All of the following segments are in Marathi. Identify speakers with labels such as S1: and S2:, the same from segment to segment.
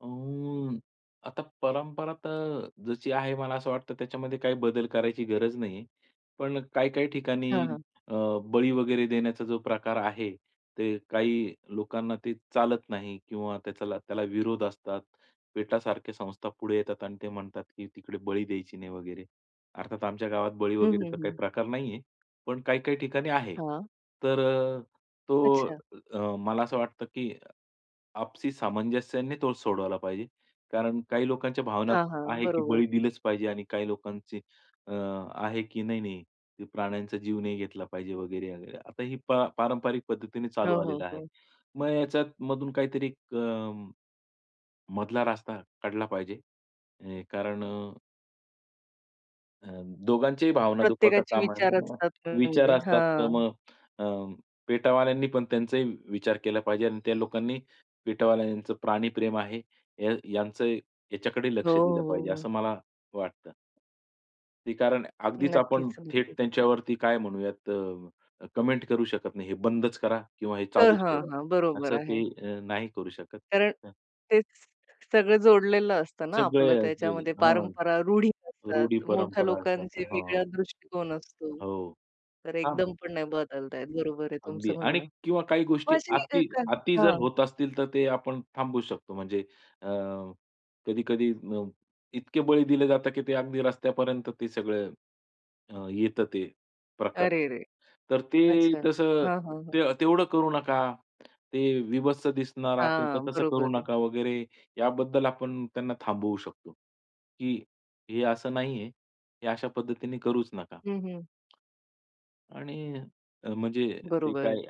S1: अ, आता परंपरा तर जशी आहे मला असं वाटतं त्याच्यामध्ये काही बदल करायची गरज नाहीये. पण काही-काही ठिकाणी
S2: हां, हां.
S1: अ, बळी वगैरे देण्याचा जो प्रकार आहे, ते काही लोकांना ते चालत नाही किंवा त्याचाला त्याला विरोध असतात. पेटासारख्या संस्थापुढे येतात आणि ते म्हणतात की, तिकडे बळी द्यायची नाही वगैरे. अर्थात आमच्या गावात बळी
S2: हं, हं,
S1: वगैरेचा काही
S2: हं.
S1: प्रकार नाहीये. पण काही-काही ठिकाणी आहे.
S2: हां.
S1: तर अ, तो
S2: अच्छा.
S1: अ, मला असं वाटतं की अ, आपसी सामंजस्याने तो सोडवायला पाहिजे. कारण काही लोकांच्या भावना
S2: हां, हां.
S1: आहे की,
S2: बरोबर.
S1: बळी दिलेच पाहिजे आणि काही लोकांचे अ, आहे की नाही, नाही ते प्राण्यांचा जीव नाही घेतला पाहिजे वगैरे-वगैरे. आता ही पा पारंपरिक पद्धतीने चालू
S2: हो, हो,
S1: आलेलं आहे.
S2: हो.
S1: मग ह्याच्यामधून काहीतरी अ, मधला रास्ता काढला पाहिजे. अ, कारण अ अ, दोघांच्याही भावना दुखवता
S2: प्रत्येकाचे
S1: कामा
S2: विचार
S1: नये.
S2: असतात ना,
S1: विचार
S2: म्हणजे.
S1: असतात तर
S2: हां.
S1: मग अ, पेटावाल्यांनी पण त्यांचाही विचार केला पाहिजे आणि त्या लोकांनी पेटवाल्यांचं प्राणी प्रेम आहे. या यांचं याच्याकडे
S2: हो,
S1: लक्ष
S2: हो,
S1: दिलं
S2: हो,
S1: पाहिजे
S2: हो.
S1: असं मला वाटतं. ते कारण अगदीच आपण
S2: नक्कीच,
S1: थेट
S2: नक्कीच.
S1: त्यांच्यावरती काय म्हणूयात अ, कमेंट करू शकत नाही. हे बंदच करा किंवा हे
S2: तर
S1: चालूच
S2: हां,
S1: ठेवा.
S2: हां. बरोबर
S1: असं
S2: आहे.
S1: ते अ, नाही करू शकत.
S2: कारण
S1: हं.
S2: तेच सगळं जोडलेलं असतं ना, आपलं
S1: सगळ्या अगदी.
S2: त्याच्यामध्ये
S1: हां.
S2: परंपरा, रूढी असतात,
S1: रूढी
S2: मोठ्या
S1: परंपरा असतात,
S2: लोकांचे
S1: हां.
S2: वेगळा दृष्टिकोन असतो.
S1: हो.
S2: तर
S1: हां.
S2: एकदम पण नाही बदलताहेत बरोबर आहे
S1: अगदी.
S2: तुमचं
S1: आणि
S2: म्हणणं.
S1: किंवा काही
S2: पण
S1: गोष्टी
S2: अशी अ,
S1: अति
S2: कण
S1: अति जर
S2: हां.
S1: होत असतील तर ते आपण थांबू शकतो. म्हणजे अ, कधी-कधी अ, इतके बळी दिले जातात की ते अगदी रस्त्यापर्यंत ते सगळं अ, येतं ते प्रकार.
S2: अरे रे!
S1: तर ते
S2: अच्छा.
S1: तसं
S2: हां, हां, हां.
S1: ते तेवढं करू नका. ते विभत्स दिसणार असेल तर
S2: हां.
S1: तसं
S2: बरोबर
S1: करू
S2: आहे.
S1: नका वगैरे याबद्दल आपण त्यांना थांबवू शकतो. की हे असं नाहीये, हे अशा पद्धतीने करूच नका.
S2: हं, हं.
S1: आणि अ, म्हणजे ते
S2: बरोबर आहे.
S1: काय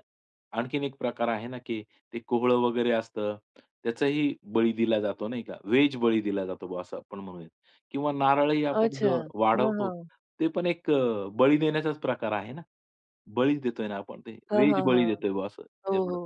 S1: आणखीन एक प्रकार आहे ना, की ते कोहळं वगैरे असतं. त्याचाही बळी दिला जातो नाही का, व्हेज बळी दिला जातो बुआ असं आपण म्हणूयात. किंवा नारळही आपण
S2: अच्छा.
S1: जो
S2: हां,
S1: वाढवतो
S2: हां.
S1: ते पण एक अ, बळी देण्याचाच प्रकार आहे ना. बळीच देतोय ना आपण ते,
S2: हां,
S1: व्हेज
S2: हां,
S1: बळी
S2: हां.
S1: देतोय बा असं
S2: हो,
S1: एवढं.
S2: हो.